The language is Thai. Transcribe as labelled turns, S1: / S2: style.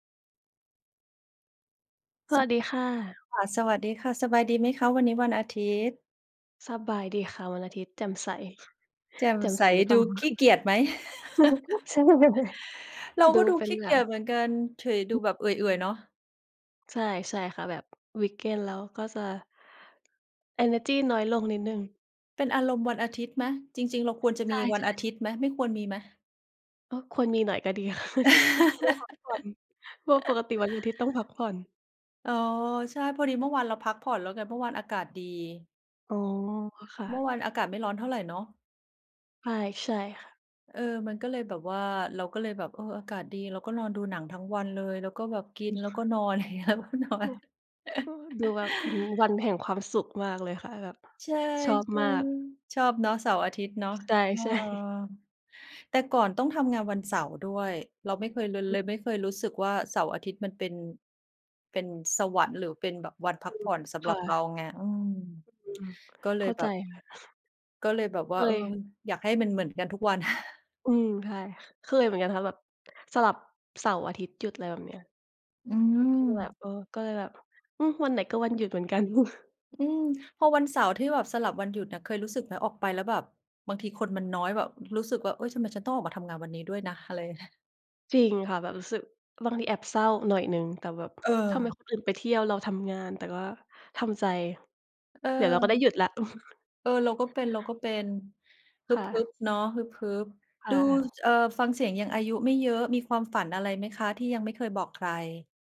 S1: ส
S2: ส
S1: ว
S2: ะ
S1: ัสดีค่ะ
S2: ค่ะ สวัสดีค่ะ สบายดีไหมคะ? วันนี้วันอาทิตย์
S1: สบายดีค่ะ วันอาทิตย์แจ่มใส
S2: แจ่ม
S1: แจ่ม
S2: ใส
S1: ใส่หรือเป
S2: ด
S1: ล่า
S2: ู
S1: น
S2: ข
S1: ะ?
S2: ี้เกียจไหม?
S1: จุก ใช่
S2: เรา
S1: ด
S2: ก็
S1: ู
S2: ดู
S1: เป็
S2: ข
S1: น
S2: ี้
S1: แ
S2: เ
S1: บ
S2: กียจเ
S1: บ
S2: หมือนกัน เฉย ดูแบบเอื่อย ๆ เนาะ
S1: ใช่ ใช่ค่ะ แบบ วีกเอนด์ แล้วก็จะ เอเนอร์จีน้อยลงนิดหนึ่ง
S2: เป็นอารมณ์วันอาทิตย์ไหม จริง ๆ เราควรจะ
S1: ใช
S2: มีวัน
S1: ่
S2: อา
S1: ๆ
S2: ทิตย์ไหม? ไม่ควรมีไหม?
S1: ก็ควรมีหน่อยก็ดี รู้พักผ่อน เพราะปกติวันอาทิตย์ต้องพักผ่อน
S2: อ๋อ ใช่ พอดีเมื่อวานเราพักผ่อนแล้วไง เมื่อวานอากาศดี
S1: อ๋อ ค่
S2: เมื่
S1: ะ
S2: อวานอากาศไม่ร้อนเท่าไรเนาะ?
S1: ใช่ ๆ ค่ะ
S2: เออ มันก็เลยแบบว่า เราก็เลยแบบ เออ อากาศดี เราก็นอนดูหนังทั้งวันเลย แล้วก็แบบกิ
S1: อื
S2: น
S1: ม
S2: แล้
S1: ค
S2: ว
S1: ่
S2: ก็
S1: ะ
S2: นอน อย่างเงี้ย แล้วก็นอน
S1: ก็ดูแบบ อืม วันแห่งความสุขมากเลยค่ะแบบ
S2: ใช่
S1: ชอบมาก
S2: ๆ ชอบเนาะ เสาร์ อาทิตย์เนาะ
S1: ใช่
S2: เออ
S1: ใช่
S2: แต่ก่อนต้องทำงานวันเสาร์ด้วย เราไม่เคยเลย
S1: อ
S2: เ
S1: ืม
S2: ลยไม่เคยรู้สึกว่าเสาร์ อาทิตย์มันเป็น เป็นสวรรค์ หรือเป็นแบบวันพั
S1: อื
S2: กผ
S1: ม
S2: ่อนสำ
S1: ค
S2: หร
S1: ่
S2: ับเรา
S1: ะ
S2: ไง อืม
S1: อืม
S2: ก็เล
S1: เข
S2: ย
S1: ้า
S2: แบ
S1: ใจ
S2: บ
S1: ค่ะ
S2: ก็เลยแบบ
S1: เ
S2: ว่า เออ
S1: คย
S2: อยากให้มันเหมือนกันทุกวัน
S1: อืม ใช่ เคยเหมือนกันค่ะ แบบสลับเสาร์ อาทิตย์หยุด อะไรแบบเนี้ย
S2: อื
S1: คือแบบ
S2: ม
S1: เออ ก็เลยแบบ อืม วันไหนก็วันหยุดเหมือนกัน
S2: อืม พอวันเสาร์ที่แบบสลับวันหยุดอะ เคยรู้สึกไหม ออกไปแล้วแบบ บางทีคนมันน้อยแบบรู้สึกว่า เอ๊ย ทำไมฉันต้องออกมาทำงานวันนี้ด้วยนะ? อะไรเงี้ย
S1: จริงค่ะ แบบรู้สึกบางทีแอบเศร้าหน่อยหนึ่ง แต่แบบทำไม
S2: เออ
S1: คนอื่นไปเที่ยว เราทำงาน แต่ก็ทำใจ
S2: เ
S1: เดี๋ยวเราก็ได้
S2: ออ
S1: หยุดแล้ว
S2: เออ เราก็เป็น ๆ ฮึ
S1: ค่
S2: บ
S1: ะ
S2: ๆ เนาะ ฮึบ
S1: ค
S2: ๆ ด
S1: ่
S2: ู
S1: ะ
S2: เอ่อ ฟังเสียงยังอายุไม่เยอะ มีความฝันอะไรไหมคะที่ยังไม่เคยบอกใคร?